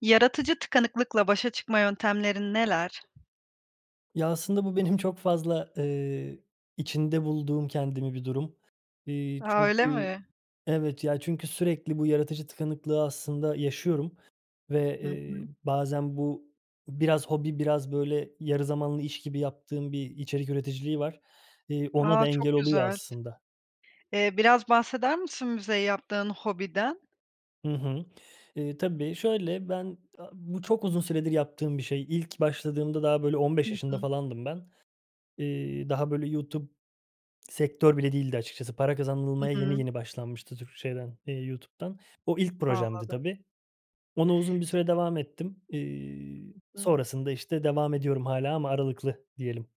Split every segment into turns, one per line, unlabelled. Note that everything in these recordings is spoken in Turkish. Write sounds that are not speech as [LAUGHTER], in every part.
Yaratıcı tıkanıklıkla başa çıkma yöntemlerin neler?
Ya, aslında bu benim çok fazla, eee, içinde bulduğum kendimi bir durum. Eee,
A, öyle
çünkü
mi?
evet ya çünkü sürekli bu yaratıcı tıkanıklığı aslında yaşıyorum ve,
Hı hı.
eee, bazen bu biraz hobi, biraz böyle yarı zamanlı iş gibi yaptığım bir içerik üreticiliği var. Eee, ona
A,
da engel
çok
oluyor
güzel.
aslında.
Eee, biraz bahseder misin bize yaptığın hobiden?
Hı hı. Eee, tabii şöyle, ben a bu çok uzun süredir yaptığım bir şey. İlk başladığımda daha böyle on
Hı
beş yaşında
hı.
falandım ben. Eee, daha böyle YouTube sektör bile değildi açıkçası. Para
Hı
kazanılmaya yeni
hı.
yeni başlanmıştı Türk şeyden, eee, YouTube'dan. O ilk projemdi
Anladım.
tabii. Ona uzun bir süre devam ettim. Eee,
Hı hı.
sonrasında işte devam ediyorum hâlâ ama aralıklı diyelim.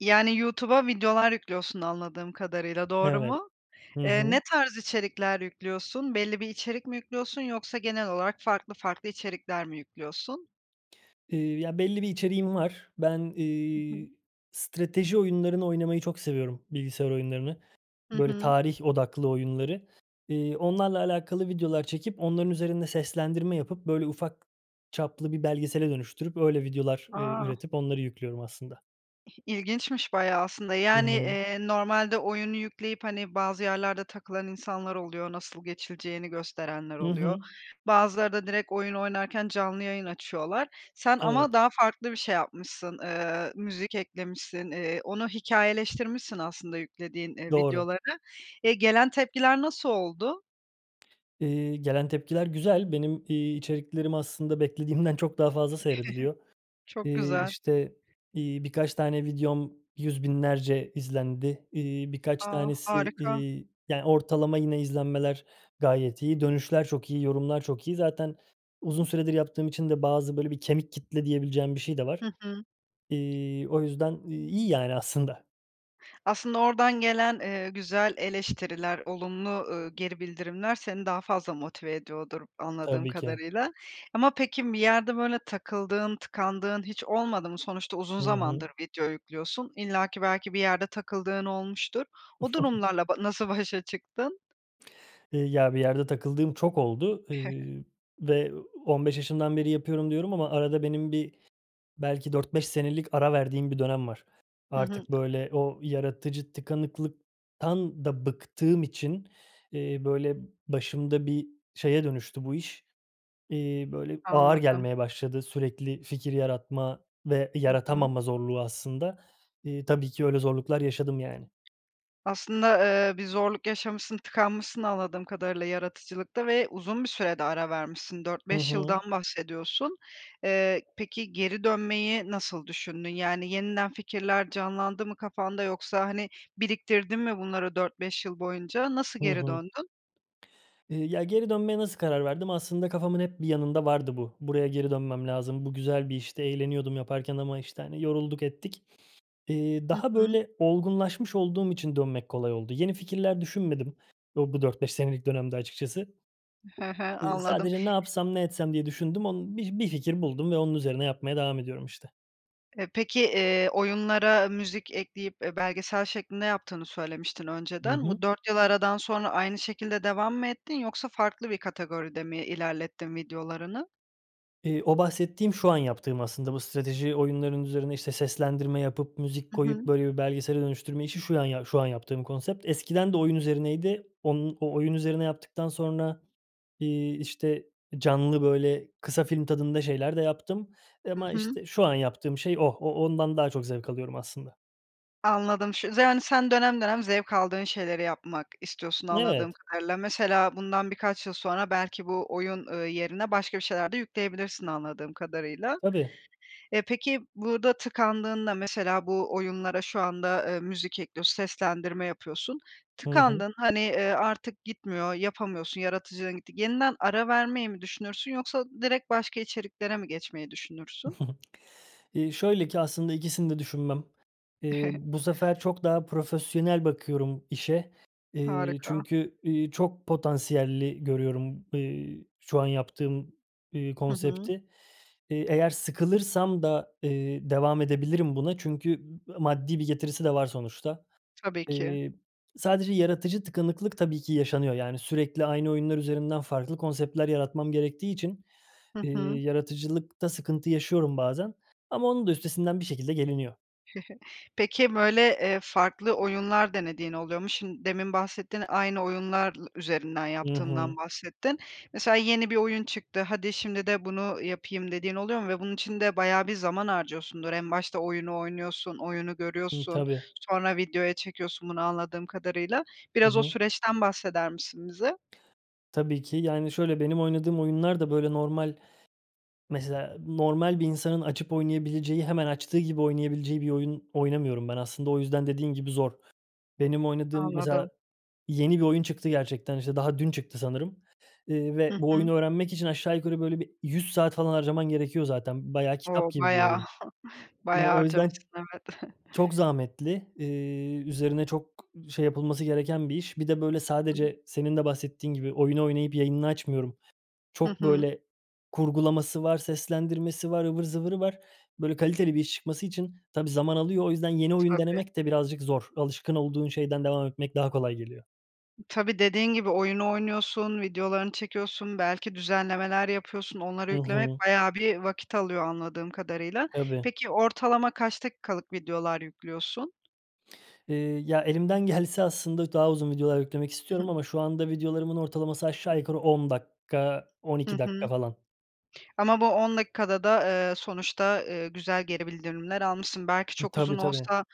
Yani, YouTube'a videolar yüklüyorsun anladığım kadarıyla doğru
Evet.
mu?
Hı
Eee, ne
hı.
tarz içerikler yüklüyorsun? Belli bir içerik mi yüklüyorsun yoksa genel olarak farklı farklı içerikler mi yüklüyorsun?
Eee, ya, belli bir içeriğim var. Ben,
Hı hı.
iii, strateji oyunlarını oynamayı çok seviyorum, bilgisayar oyunlarını.
Hı
Böyle
hı.
tarih odaklı oyunları. Eee, onlarla alakalı videolar çekip, onların üzerinde seslendirme yapıp, böyle, ufak çaplı bir belgesele dönüştürüp, öyle videolar, eee,
A!
üretip onları yüklüyorum aslında.
İh ilginçmiş bayağı aslında,
Hı
yani,
hı.
eee, normalde oyunu yükleyip, hani, bazı yerlerde takılan insanlar oluyor, nasıl geçileceğini gösterenler
I
oluyor.
hı.
Bazıları da direkt oyun oynarken canlı yayın açıyorlar. Sen ama
Evet.
daha farklı bir şey yapmışsın, eee, müzik eklemişsin, eee, onu hikâyeleştirmişsin aslında yüklediğin, eee,
Doğru.
videoları. E, gelen tepkiler nasıl oldu?
Eee, gelen tepkiler güzel. Benim, iii, içeriklerim aslında beklediğimden çok daha fazla seyrediliyor.
[CHUCKLES] Çok
Eee,
güzel.
işte, iii, birkaç tane videom yüz binlerce izlendi. İii, birkaç
A!
tanesi,
Harika.
iii, yani, ortalama yine izlenmeler gayet iyi. Dönüşler çok iyi, yorumlar çok iyi. Zaten uzun süredir yaptığım için de bazı, böyle, bir kemik kitle diyebileceğim bir şey de var.
Hı hı.
İii, o yüzden iyi yani aslında.
Aslında oradan gelen, eee, güzel eleştiriler, olumlu, ııı, geri bildirimler seni daha fazla motive ediyordur anladığım
Tabii ki.
kadarıyla. Ama peki, bir yerde böyle takıldığın, tıkandığın hiç olmadı mı? Sonuçta uzun
Hı hı.
zamandır video yüklüyorsun. İllaki, belki bir yerde takıldığın olmuştur. O
[CHUCKLES]
durumlarla ba nasıl başa çıktın?
Eee, ya, bir yerde takıldığım çok oldu,
[CHUCKLES]
eee, ve "15 yaşından beri yapıyorum." diyorum ama arada benim bir belki 4-5 senelik ara verdiğim bir dönem var.
Hı hı.
Artık, böyle, o yaratıcı tıkanıklıktan da bıktığım için, eee, böyle, başımda bir şeye dönüştü bu iş. Eee, böyle, ağır
Anladım.
gelmeye başladı sürekli fikir yaratma ve
Hı hı.
yaratamama zorluğu aslında. Eee, tabii ki öyle zorluklar yaşadım, yani.
Aslında, eee, bir zorluk yaşamışsın, tıkanmışsın anladığım kadarıyla yaratıcılıkta ve uzun bir süre de ara vermişsin. dört
Hı
beş
hı.
yıldan bahsediyorsun. Eee, peki geri dönmeyi nasıl düşündün? Yani, yeniden fikirler canlandı mı kafanda yoksa, hani, biriktirdin mi bunları 4-5 yıl boyunca? Nasıl
Hı
geri
hı.
döndün?
Eee, ya, geri dönmeye nasıl karar verdim? Aslında kafamın hep bir yanında vardı bu. "Buraya geri dönmem lazım, bu güzel bir işte, eğleniyordum yaparken ama, işte, hani, yorulduk, ettik." Eee,
Hı
daha
hı.
böyle olgunlaşmış olduğum için dönmek kolay oldu. Yeni fikirler düşünmedim o bu 4-5 senelik dönemde açıkçası.
He he.
Eee,
Anladım.
sadece, "Ne yapsam, ne etsem?" diye düşündüm. Onu bi bir fikir buldum ve onun üzerine yapmaya devam ediyorum, işte.
E, peki, eee, oyunlara müzik ekleyip, eee, belgesel şeklinde yaptığını söylemiştin
Hı
önceden.
hı.
Bu 4 yıl aradan sonra aynı şekilde devam mı ettin yoksa farklı bir kategoride mi ilerlettin videolarını?
Eee, o bahsettiğim, şu an yaptığım aslında bu strateji oyunlarının üzerine işte seslendirme yapıp, müzik
Hı
koyup
hı.
böyle bir belgesele dönüştürme işi şu an ya şu an yaptığım konsept. Eskiden de oyun üzerineydi. Onun o oyun üzerine yaptıktan sonra, iii, işte, eee, canlı böyle kısa film tadında şeyler de yaptım, eee,
Hı
ama
hı.
işte şu an yaptığım şey o. O ondan daha çok zevk alıyorum aslında.
Anladım, ş yani sen dönem dönem zevk aldığın şeyleri yapmak istiyorsun anladığım
Evet.
kadarıyla. Mesela bundan birkaç yıl sonra belki bu oyun, eee, yerine başka bir şeyler de yükleyebilirsin anladığım kadarıyla.
Tabii.
Eee, peki burda tıkandığında mesela bu oyunlara şu anda, eee, müzik ekliyor, seslendirme yapıyorsun.
Hı hı.
Tıkandın hani, eee, artık gitmiyor, yapamıyorsun, yaratıcılığın gitti. Yeniden ara vermeyi mi düşünürsün yoksa direkt başka içeriklere mi geçmeyi düşünürsün?
[CHUCKLES] Eee, şöyle ki aslında ikisini de düşünmem. Eee,
[CHUCKLES]
bu sefer çok daha profesyonel bakıyorum işe. Eee,
Harika.
çünkü, eee, çok potansiyelli görüyorum, eee, şu an yaptığım, eee,
Hı hı.
konsepti. Eee, eğer sıkılırsam da, eee, devam edebilirim buna çünkü m maddi bir getirisi de var sonuçta.
Tabii ki.
Eee, sadece yaratıcı tıkanıklık tabii ki yaşanıyor. Yani sürekli aynı oyunlar üzerinden farklı konseptler yaratmam gerektiği için,
Hı
eee,
hı.
yaratıcılıkta sıkıntı yaşıyorum bazen ama onun da üstesinden bir şekilde geliniyor.
[CHUCKLES] Peki böyle, eee, farklı oyunlar denediğin oluyor mu? Şim demin bahsettin aynı oyunlar lı üzerinden
Hı
yaptığından
hı.
bahsettin. Mesela yeni bir oyun çıktı, hadi, şimdi de bunu yapayım, dediğin oluyor mu? Ve bunun içinde bayağı bir zaman harcıyorsundur. En başta oyunu oynuyorsun, oyunu
Hı,
görüyorsun,
tabii.
sonra videoya çekiyorsun bunu anladığım kadarıyla.
Hı
Biraz o
hı.
süreçten bahseder misin bize?
Tabii ki. Yani şöyle, benim oynadığım oyunlar da böyle normal, mesela normal bir insanın açıp oynayabileceği, hemen açtığı gibi oynayabileceği bir oyun oynamıyorum ben. Aslında o yüzden dediğin gibi zor. Benim oynadığım mesela
Anladım.
yeni bir oyun çıktı gerçekten. İşte daha dün çıktı sanırım, eee,
Hı
ve bu
hı.
oyunu öğrenmek için aşağı yukarı böyle bir 100 saat falan harcaman gerekiyor zaten. Bayağı kitap
O!
gibi bir
Bayağı,
oyun.
[CHUCKLES]
Eee,
bayağı
o yüzden
harcamışsın, evet.
çok
[CHUCKLES]
zahmetli. Eee, üzerine çok şey yapılması gereken bir iş. Bir de böyle
[UNINTELLIGIBLE]
sadece senin de bahsettiğin gibi oyunu oynayıp yayınını açmıyorum.
Hı
Çok
hı.
böyle kurgulaması var, seslendirmesi var, ıvır zıvırı var. Böyle kaliteli bir iş çıkması için tabii zaman alıyor. O yüzden yeni oyun
Tabii.
denemek de birazcık zor. Alışkın olduğun şeyden devam etmek daha kolay geliyor.
Tabii, dediğin gibi, oyunu oynuyorsun, videolarını çekiyorsun, belki düzenlemeler yapıyorsun, onlara
Hı
yüklemek
hı.
bayağı bir vakit alıyor anladığım kadarıyla.
Tabii.
Peki ortalama kaç dakikalık videolar yüklüyorsun?
Eee, ya, elimden gelse aslında daha uzun videolar yüklemek istiyorum
[CHUCKLES]
ama şu anda videolarımın ortalaması aşağı yukarı 10 dakika, on
Hı
iki dakika
hı.
falan.
Ama bu 10 dakikada da, eee, sonuçta, ııı, güzel geri bildirimler almışsın. Belki çok
Tabii,
uzun
tabii.
olsa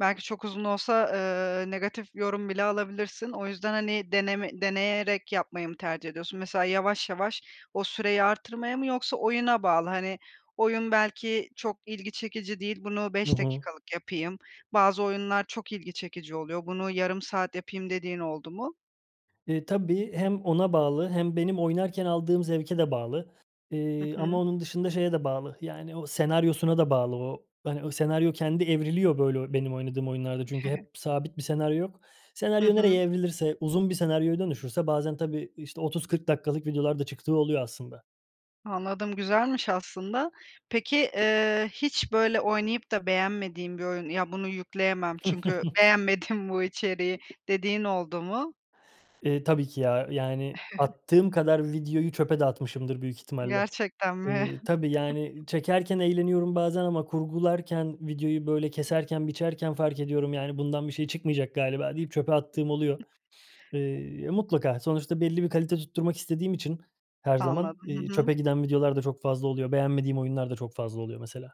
belki çok uzun olsa, ııı, negatif yorum bile alabilirsin. O yüzden, hani, deneme deneyerek yapmayı mı tercih ediyorsun? Mesela yavaş yavaş o süreyi arttırmaya mı yoksa oyuna bağlı, hani, "Oyun belki çok ilgi çekici değil bunu
Hı
5
hı.
dakikalık yapayım. Bazı oyunlar çok ilgi çekici oluyor. Bunu yarım saat yapayım." dediğin oldu mu?
Eee, tabii. Hem ona bağlı hem benim oynarken aldığım zevke de bağlı,
Hı
eee, ama
hı.
onun dışında şeye de bağlı, yani, o senaryosuna da bağlı. O, hani, o senaryo kendi evriliyor, böyle, benim oynadığım oyunlarda çünkü
[CHUCKLES]
hep sabit bir senaryo yok.
Hı
Senaryo
hı.
nereye evrilirse, uzun bir senaryoya dönüşürse bazen, tabii, işte, 30-40 dakikalık videolar da çıktığı oluyor aslında.
Anladım. Güzelmiş aslında. Peki, eee, hiç böyle oynayıp da beğenmediğim bir oyun, "Ya, bunu yükleyemem çünkü
[CHUCKLES]
beğenmedim bu içeriği." dediğin oldu mu?
Eee, tabii ki ya. Yani
[CHUCKLES]
attığım kadar videoyu çöpe de atmışımdır büyük ihtimalle.
Gerçekten mi?
Eee, tabii,
[CHUCKLES]
yani, çekerken eğleniyorum bazen ama kurgularken, videoyu, böyle, keserken, biçerken, fark ediyorum, yani, "Bundan bir şey çıkmayacak galiba." deyip çöpe attığım oluyor. Eee, mutlaka, sonuçta belli bir kalite tutturmak istediğim için her zaman,
Anladım.
iii,
Hı hı.
çöpe giden videolar da çok fazla oluyor. Beğenmediğim oyunlar da çok fazla oluyor mesela.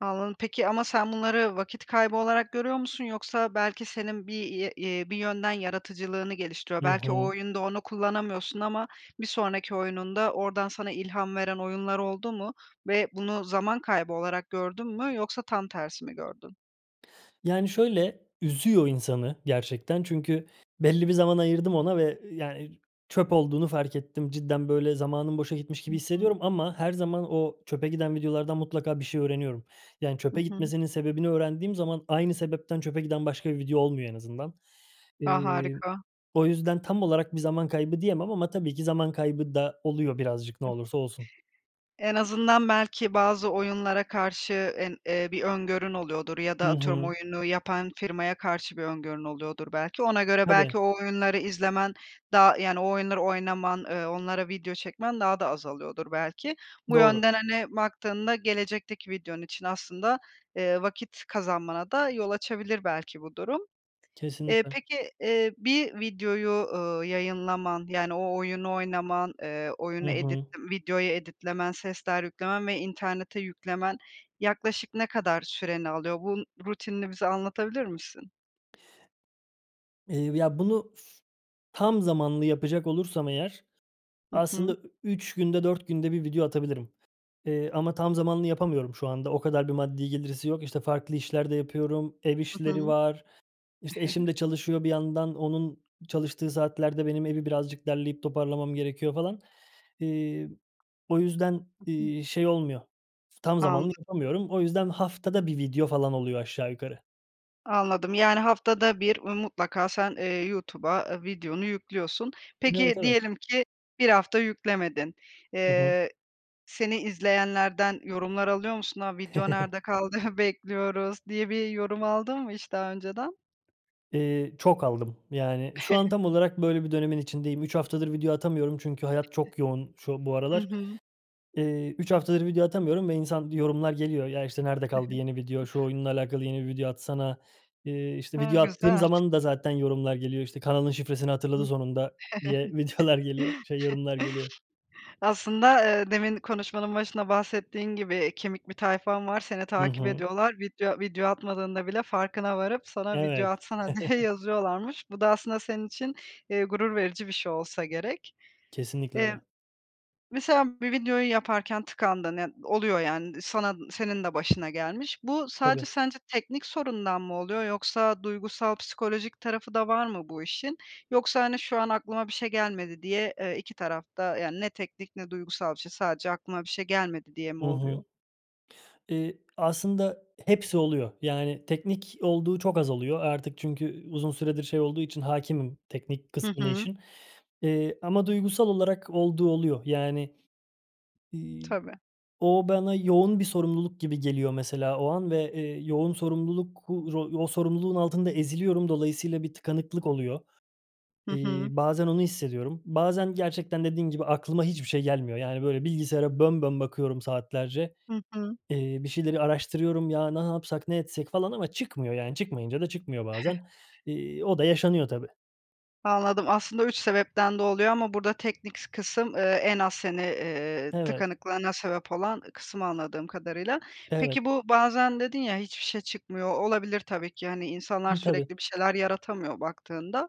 Anladım, peki, ama sen bunları vakit kaybı olarak görüyor musun yoksa belki senin bir ye ye bir yönden yaratıcılığını geliştiriyor?
Hı
Belki o
hı.
oyunda onu kullanamıyorsun ama bir sonraki oyununda oradan sana ilham veren oyunlar oldu mu ve bunu zaman kaybı olarak gördün mü yoksa tam tersi mi gördün?
Yani şöyle, üzüyor insanı gerçekten. Çünkü belli bir zaman ayırdım ona ve, yani, çöp olduğunu fark ettim. Cidden böyle zamanım boşa gitmiş gibi
Hı hı.
hissediyorum ama her zaman o çöpe giden videolardan mutlaka bir şey öğreniyorum. Yani,
Hı
çöpe
hı.
gitmesinin sebebini öğrendiğim zaman aynı sebepten çöpe giden başka bir video olmuyor en azından.
A,
Iıı,
harika.
o yüzden tam olarak bir zaman kaybı diyemem ama tabii ki zaman kaybı da oluyor birazcık ne olursa olsun.
En azından belki bazı oyunlara karşı, en eee, bir öngörün oluyordur ya da
Hı
atıyorum
hı.
oyunu yapan firmaya karşı bir öngörün oluyordur belki, ona göre
Tabii.
belki o oyunları izlemen daha, yani, o oyunları oynaman, ııı, onlara video çekmen daha da azalıyordur belki. Bu
Doğru.
yönden, hani, baktığında gelecekteki videon için aslında, eee, vakit kazanmana da yol açabilir belki bu durum. Eee,
Kesinlikle.
peki, eee, bir videoyu, ııı, yayınlaman, yani, o oyunu oynaman, eee,
Hı
oyunu edit
hı.
videoyu edit'lemen, sesler yüklemen ve internete yüklemen yaklaşık ne kadar süreni alıyor? Bu n rutinini bize anlatabilir misin?
Eee, ya bunu f tam zamanlı yapacak olursam eğer,
Hı
aslında
hı.
ü 3 günde 4 günde 1 video atabilirim, eee, ama tam zamanlı yapamıyorum şu anda. O kadar bir maddi getirisi yok. İşte farklı işler de yapıyorum, ev
Hı
işleri
hı.
var, işte eşim
[CHUCKLES]
de çalışıyor bir yandan; onun çalıştığı saatlerde benim evi birazcık derleyip toparlamam gerekiyor falan. İii, o yüzden,
[UNINTELLIGIBLE]
iii, şey olmuyor, tam zamanlı
Anladım.
yapamıyorum. O yüzden haftada 1 video falan oluyor aşağı yukarı.
Anladım yani haftada 1 mutlaka sen, eee, YouTube'a, eee, videonu yüklüyorsun.
Evet,
Peki
evet.
diyelim ki 1 hafta yüklemedin,
Hı hı.
eee, seni izleyenlerden yorumlar alıyor musun? "A! Video
[CHUCKLES]
nerde kaldı? Bekliyoruz." diye bir yorum aldın mı hiç daha önceden?
Eee, çok aldım. Yani şu an
[CHUCKLES]
tam olarak böyle bir dönemin içindeyim. 3 haftadır video atamıyorum çünkü hayat çok yoğun şu, bu
Hı
aralar.
hı.
Eee, 3 haftadır video atamıyorum ve insan yorumlar geliyor. "Ya, işte, nerede
Hı hı.
kaldı yeni video, şu oyunla alakalı yeni bir video atsana." Eee, işte
A!
video attığım
Güzel.
zaman da zaten yorumlar geliyor, işte "Kanalın şifresini hatırladı
[UNINTELLIGIBLE]
sonunda." diye videolar geliyor,
[CHUCKLES]
şey yorumlar geliyor.
Aslında, eee, demin konuşmanın başında bahsettiğin gibi, eee, kemik bir tayfan var, seni
Hı
takip
hı.
ediyorlar. Video video atmadığında bile farkına varıp sana video
Evet.
atsana diye
[CHUCKLES]
yazıyorlarmış. Bu da aslında senin için, eee, gurur verici bir şey olsa gerek.
Kesinlikle
Eee,
öyle.
mesela bir videoyu yaparken tıkandın, ya oluyor yani sana, senin de başına gelmiş. Bu
Tabii.
sadece sence teknik sorundan mı oluyor yoksa duygusal, psikolojik tarafı da var mı bu işin? Yoksa hani şu an aklıma bir şey gelmedi diye, eee, 2 taraf da yani ne teknik ne duygusal bir şey, sadece aklıma bir şey gelmedi diye mi
Hı hı.
oluyor?
Eee, aslında hepsi oluyor. Yani teknik olduğu çok az oluyor. Artık çünkü u uzun süredir şey olduğu için hâkimim teknik
Hı
kısmını
hı.
işin, eee, ama duygusal olarak olduğu oluyor. Yani, iii,
Tabii.
o bana yoğun bir sorumluluk gibi geliyor mesela o an ve, eee, yoğun sorumluluk u ro o sorumluluğun altında eziliyorum dolayısıyla bir tıkanıklık oluyor.
Hı hı.
İii, bazen onu hissediyorum. Bazen gerçekten dediğin gibi, aklıma hiçbir şey gelmiyor. Yani böyle bilgisayara bön bön bakıyorum saatlerce.
Hı hı.
Eee, bir şeyleri araştırıyorum. Ya ne yapsak, ne etsek falan ama çıkmıyor yani çıkmayınca da çıkmıyor bazen. İii, o da
[CHUCKLES]
yaşanıyor tabii.
Anladım aslında 3 sebepten de oluyor ama burda teknik s kısım, eee, en az hani, eee,
Evet.
tıkanıklığına sebep olan kısım anladığım kadarıyla.
Evet.
Peki bu bazen dedin ya hiçbir şey çıkmıyor. Olabilir tabii ki hani insanlar
N
sürekli
tabii.
bir şeyler yaratamıyor baktığında.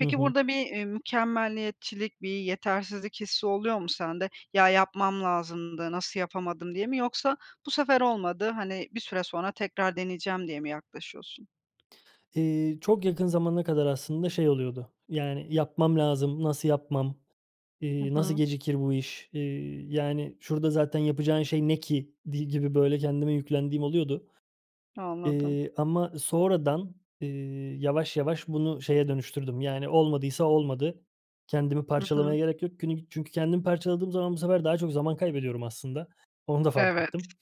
Hı hı.
burda bir, eee, mükemmeliyetçilik, bir yetersizlik hissi oluyor mu sende? "Ya, yapmam lazımdı nasıl yapamadım!" diye mi yoksa "Bu sefer olmadı.", hani, "Bir süre sonra tekrar deneyeceğim." diye mi yaklaşıyorsun?
Eee, çok yakın zamana kadar aslında şey oluyordu. Yani "Yapmam lazım, nasıl yapmam!",
Hı
iii, "Nasıl
hı.
gecikir bu iş!", iii, yani "Şurada zaten yapacağın şey ne ki?" idi gibi, böyle kendime yüklendiğim oluyordu,
Anladım.
eee, ama sonradan, eee, yavaş yavaş bunu şeye dönüştürdüm: Yani "Olmadıysa olmadı. Kendimi
Hı
parçalamaya
hı.
gerek yok." Günü çünkü kendimi parçaladığım zaman bu sefer daha çok zaman kaybediyorum aslında. Onu da fark
Evet.
ettim.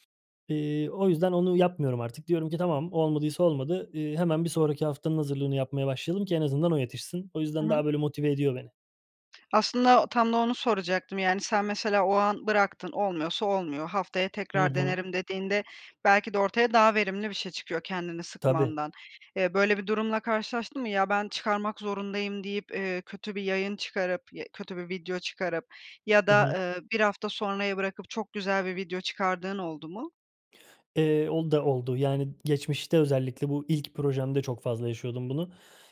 Eee, o yüzden onu yapmıyorum artık. Diyorum ki: "Tamam, olmadıysa olmadı, ııı, hemen bir sonraki haftanın hazırlığını yapmaya başlayalım ki en azından o yetişsin." O
Hı
yüzden
hı.
daha böyle motive ediyor beni.
Aslında tam da onu soracaktım: Yani sen mesela o an bıraktın, olmuyorsa olmuyor, haftaya
Hı
tekrar
hı.
denerim, dediğinde belki de ortaya daha verimli bir şey çıkıyor kendini
Tabii.
sıkmandan. Eee, böyle bir durumla karşılaştın mı? "Ya, ben çıkarmak zorundayım." deyip, eee, kötü bir yayın çıkarıp ya kötü bir video çıkarıp ya
Hı
da,
hı.
ııı, 1 hafta sonraya bırakıp çok güzel bir video çıkardığın oldu mu?
Eee, o da oldu yani geçmişte özellikle bu ilk projemde çok fazla yaşıyordum bunu.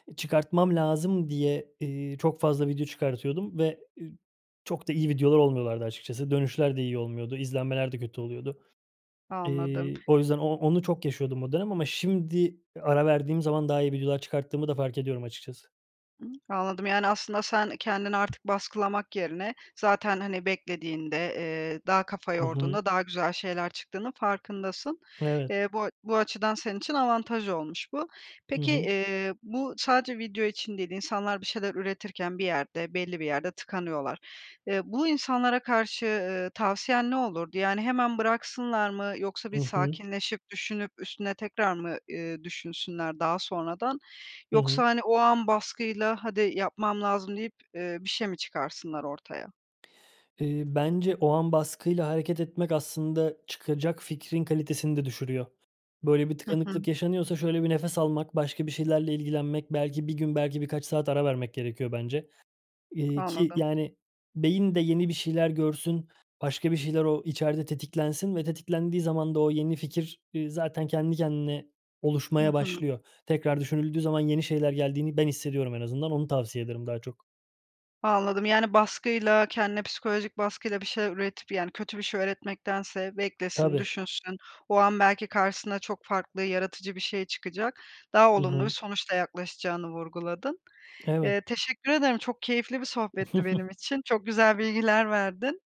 Eee, çıkartmam lazım diye, eee, çok fazla video çıkartıyordum ve, eee, çok da iyi videolar olmuyorlardı açıkçası. Dönüşler de iyi olmuyordu, izlenmeler de kötü oluyordu.
Anladım.
Eee, o yüzden o onu çok yaşıyordum o dönem ama şimdi ara verdiğim zaman daha iyi videolar çıkarttığımı da fark ediyorum açıkçası.
Iıı, anladım yani aslında sen kendini artık baskılamak yerine zaten hani beklediğinde, eee, daha kafa
Hı hı.
yorduğunda daha güzel şeyler çıktığının farkındasın.
Evet.
Eee, bu a bu açıdan senin için avantaj olmuş bu.
Hı
Peki,
hı.
eee, bu sadece video için değil, insanlar bir şeyler üretirken bir yerde belli bir yerde tıkanıyorlar. Eee, bu insanlara karşı, ııı, tavsiyen ne olurdu? Yani hemen bıraksınlar mı yoksa bir
Hı hı.
sakinleşip düşünüp üstüne tekrar mı, ııı, düşünsünler daha sonradan?
Hı hı.
Yoksa hani o an baskıyla "Hadi, yapmam lazım!" deyip, eee, bir şey mi çıkarsınlar ortaya?
Eee, bence o an baskıyla hareket etmek aslında çıkacak fikrin kalitesini de düşürüyor. Böyle bir
Hı hı.
tıkanıklık yaşanıyorsa şöyle bir nefes almak, başka bir şeylerle ilgilenmek, belki 1 gün, belki birkaç saat ara vermek gerekiyor bence. Eee, ki,
Anladım.
yani, beyin de yeni bir şeyler görsün, başka bir şeyler o içeride tetiklensin ve tetiklendiği zaman da o yeni fikir, eee, zaten kendi kendine
Hı
oluşmaya
hı.
başlıyor. Tekrar düşünüldüğü zaman yeni şeyler geldiğini ben hissediyorum en azından, onu tavsiye ederim daha çok.
Anladım, yani, baskıyla, kendine psikolojik baskıyla bir şeyler üretip, yani, kötü bir şey üretmektense beklesin,
Tabii.
düşünsün, o an belki karşısına çok farklı yaratıcı bir şey çıkacak, daha
I hı.
olumlu bir sonuçla yaklaşacağını vurguladın.
Evet.
Eee, teşekkür ederim. Çok keyifli bir sohbetti benim
[CHUCKLES]
için, çok güzel bilgiler verdin.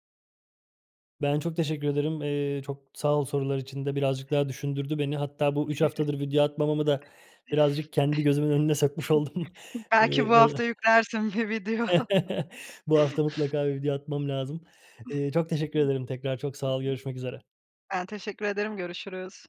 Ben çok teşekkür ederim. Eee, çok sağ ol sorular için de. Birazcık daha düşündürdü beni hatta bu 3 haftadır video atmamamı da birazcık kendi gözümün önüne sokmuş oldum.
[CHUCKLES] Belki
Eee,
bu hafta yüklersin bir video.
[CHUCKLES]
[CHUCKLES]
bu hafta mutlaka bir video atmam lazım. Eee, çok teşekkür
[UNINTELLIGIBLE]
ederim tekrar. Çok sağ ol, görüşmek üzere.
Ben teşekkür ederim, görüşürüz.